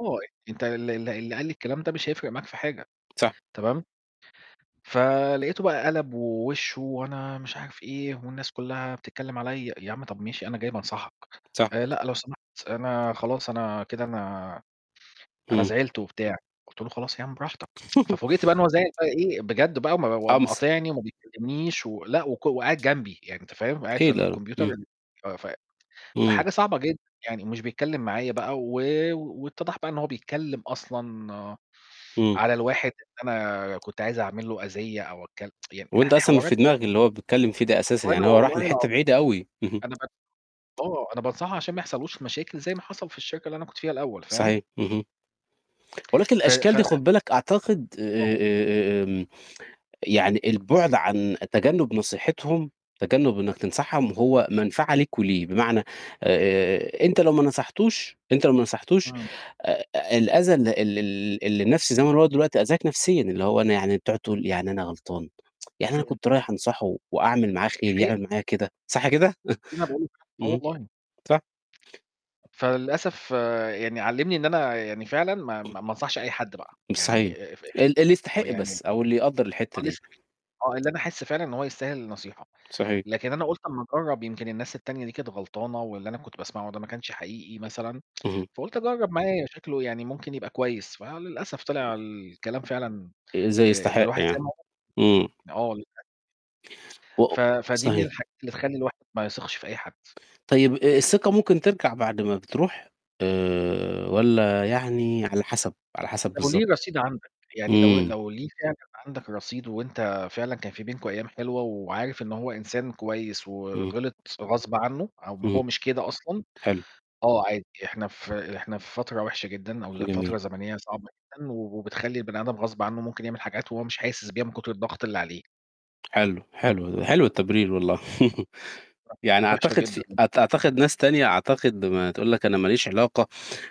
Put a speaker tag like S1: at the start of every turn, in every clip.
S1: آه، أنت ال ال اللي قال لي الكلام ده مش هيفرق معاك في حاجة،
S2: صح.
S1: تمام. فلقيته بقى قلَب ووشّه، "وأنا" مش عارف إيه، "والناس كلّها بتتكلم عليَّ." يا عمّي طب ماشي أنا جاي بانصحك.
S2: صح.
S1: آآ، "لأ، لو سمحت أنا خلاص أنا كده أنا أنا
S2: امم.
S1: زعلت" وبتاع، قُلت له: "خلاص يا عم براحتك." ففوجئت بقى إنه هو زعِل بقى إيه بجد بقى، وم وقام
S2: قَمص.
S1: مقاطعني وما بيكلّمنيش و لأ، وك وقاعد جنبي، يعني أنت فاهم، قاعد في
S2: أكيد لا، لأ،
S1: الكمبيوتر
S2: امم
S1: ال ف ف
S2: إمم.
S1: فحاجة صعبة جدًا يعني ومش بيتكلم معايا بقى، و واتّضَح بقى إن هو بيتكلم أصلًا
S2: إمم.
S1: على الواحد إن أنا كنت عايز أعمل له أذيّة أو أك يعني
S2: وأنت
S1: ح
S2: أصلًا مش في
S1: حوارات [unintelligible]
S2: دماغك اللي هو بيتكلّم فيه ده أساسًا،
S1: وأنا
S2: يعني هو راح
S1: والله
S2: لحتة
S1: العظيم
S2: بعيدة أوي.
S1: أنا بك آه، أنا بانصحه عشان ما يحصلّهوش مشاكل زي ما حصل في الشركة اللي أنا كنت فيها الأول فاهم؟
S2: صحيح، اهم. ولكن
S1: ف ف
S2: الأشكال دي خُد بالك أعتقد
S1: آه.
S2: آآ، آمم، يعني البُعد عن تجنّب نصيحتهم، تجنّب إنك تنصحهم هو منفعة لك وليه. بمعنى،
S1: تمام.
S2: آآ، أنت لو ما نصحتوش أنت لو ما نصحتوش
S1: إمم.
S2: آآ، الأذى ال ال ال اللي النَفسي، زمان هو دلوقتي آذاك نفسيًا اللي هو أنا يعني بتقعد تقول "يعني أنا غلطان؟ يعني أنا
S1: إمم.
S2: كنت رايح أنصحه وأعمل معاه
S1: دي
S2: خير
S1: حقيقة.
S2: يعمل معايا كده؟!" صح كده؟
S1: أنا باقول آه،
S2: اهم،
S1: والله.
S2: صح.
S1: فللأسف يعني علّمني إن أنا يعني فعلًا ما ما ما أنصحش أي حد بقى،
S2: صحيح،
S1: يعني آآ، في
S2: ال اللي
S1: آه،
S2: يستحق
S1: يعني
S2: بس، أو اللي يقدّر الحتة
S1: آه،
S2: دي.
S1: لسه [unintelligible] آه، اللي أنا أحسّ فعلًا إن هو يستاهل النصيحة،
S2: صحيح.
S1: لكن أنا قُلت أمّا أجرّب يمكن الناس التانية دي كانت غلطانة، واللي أنا كنت باسمعه ده ما كانش حقيقي مثلًا
S2: اهم.
S1: فقُلت أجرّب معاه شكله يعني ممكن يبقى كويس، فللأسف طلع الكلام فعلًا
S2: آآ، إزاي
S1: آآ، اللي
S2: يستحق
S1: الواحد
S2: يعني؟
S1: سِمعه
S2: إمم
S1: [unintelligible] آه، للأ
S2: و
S1: ف فدِي من
S2: صحيح.
S1: الحاجات اللي تخلّي الواحد ما يثقش في أي حد.
S2: طيب آآ، الثقة ممكن ترجع بعد ما بتروح، آآ، والّا يعني على حسب، على حسب
S1: لو
S2: بالضبط؟
S1: ليه رصيد عندك، يعني لو
S2: إمم.
S1: لو ليه فعلًا عندك رصيد وأنت فعلًا كان في بينكم أيام حلوة وعارف إن هو إنسان كويس
S2: امم.
S1: وغلِط غصب عنه أو ما
S2: امم،
S1: هو مش كده أصلًا،
S2: حلو.
S1: آه، عادي إحنا في إحنا في فترة وحشة جدًا، أو
S2: جميل.
S1: فترة زمنية صعبة جدًا و وبتخلّي البني آدم غصب عنه ممكن يعمل حاجات وهو مش حاسس بيها من كثر الضغط اللي عليه.
S2: حلو، حلو ده، حلو التبرير والله. يعني
S1: [unintelligible] وحشة
S2: أعتقد في
S1: جدًا.
S2: أ أعتقد ناس تانية أعتقد ما تقول لك أنا ما ليش علاقة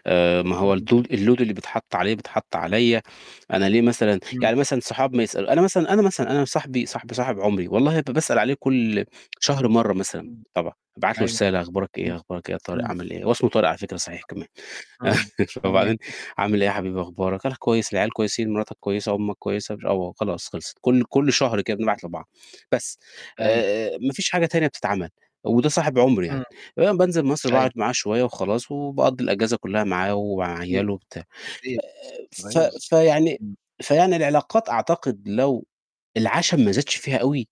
S2: آآ، ما هو
S1: إمم.
S2: التو الload اللي بيتحطّ عليه بيتحطّ عليّا، أنا ليه مثلًا
S1: إمم.
S2: يعني مثلًا صحاب ما يسأل أنا مثلًا، أنا مثلًا أنا صاحبي صاحبي صاحب عمري والله ب باسأل عليه كل شهر مرّة مثلًا
S1: إمم،
S2: طبعًا، أبعت له
S1: أيوه،
S2: رسالة "أخبارك
S1: إمم،
S2: إيه، أخبارك إيه يا طارق،
S1: إمم.
S2: عامل إيه؟" هو اسمه طارق على فكرة صحيح
S1: [unintelligible]
S2: كمان.
S1: إمم، تمام.
S2: فبعدين "عامل إيه حبيبي أخبارك؟"، "أنا كويس."، "العيال كويسين؟ مراتك كويسة؟ أمّك كويسة؟"، مش "آه"، وخلاص خلصِت، كل كل شهر كده
S1: امم.
S2: بنبعت لبعض. بس،
S1: أيوه.
S2: آآ، آآ، ما فيش حاجة تانية بتتعمل، وده صاحب عمري
S1: إمم،
S2: يعني. آآ، بانزل مصر باقعد
S1: أيوه.
S2: معاه شوية وخلاص، وباقضّي الأجازة كلّها معاه ومع
S1: [unintelligible]
S2: عياله وبتاع.
S1: أيوه
S2: آآ، ف
S1: بالضبط،
S2: فيعني
S1: امم.
S2: فيعني العلاقات أعتقد لو العشم ما زادش فيها أوي